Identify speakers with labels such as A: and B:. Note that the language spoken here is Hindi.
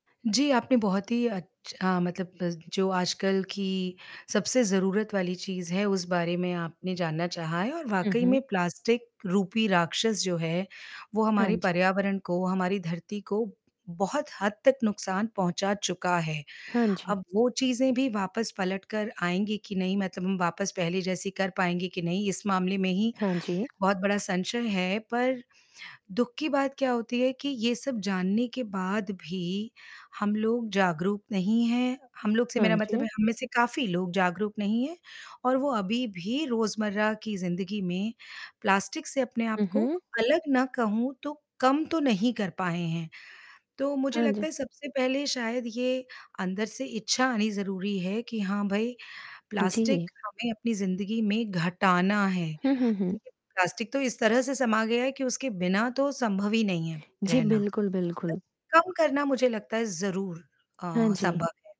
A: जी, आपने बहुत ही अच्छा अ, मतलब जो आजकल की सबसे ज़रूरत वाली चीज़ है, उस बारे में आपने जानना चाहा है और
B: हुँ,
A: वाक़ई
B: हुँ।
A: में प्लास्टिक रूपी राक्षस जो है, वो
B: हाँ,
A: हमारे
B: जी।
A: पर्यावरण को, हमारी धरती को बहुत हद तक नुकसान पहुँचा चुका है,
B: हाँ, जी।
A: अब वो चीज़ें भी वापस पलट कर आएँगी कि नहीं मतलब हम वापस पहले जैसी कर पाएँगे कि नहीं इस मामले में ही
B: हाँ, जी।
A: बहुत बड़ा संशय है, पर दुःख की बात क्या होती है कि ये सब जानने के बाद भी, हम लोग जागरूक नहीं हैं हम लोग से
B: हाँ,
A: मेरा मतलब
B: जी।
A: है हम में से काफ़ी लोग जागरूक नहीं हैं और वो अभी भी रोज़मर्रा की ज़िंदगी में, प्लास्टिक से अपने आप
B: हुँ,
A: को,
B: हुँ।
A: अलग ना कहूँ तो कम तो नहीं कर पाए हैं। तो मुझे
B: हाँ
A: लगता
B: जी।
A: है सबसे पहले शायद ये अंदर से इच्छा आनी ज़रूरी है कि हाँ भाई,
B: जी।
A: प्लास्टिक हमें अपनी ज़िंदगी में घटाना है।
B: हुँ, हुँ, हुँ।
A: देखिए प्लास्टिक तो इस तरह से समा गया है कि उसके बिना तो संभव ही नहीं है
B: जी,
A: रहना।
B: बिल्कुल, बिल्कुल।
A: कम करना मुझे लगता है ज़रूर
B: हाँ,
A: अ,
B: जी।
A: संभव है।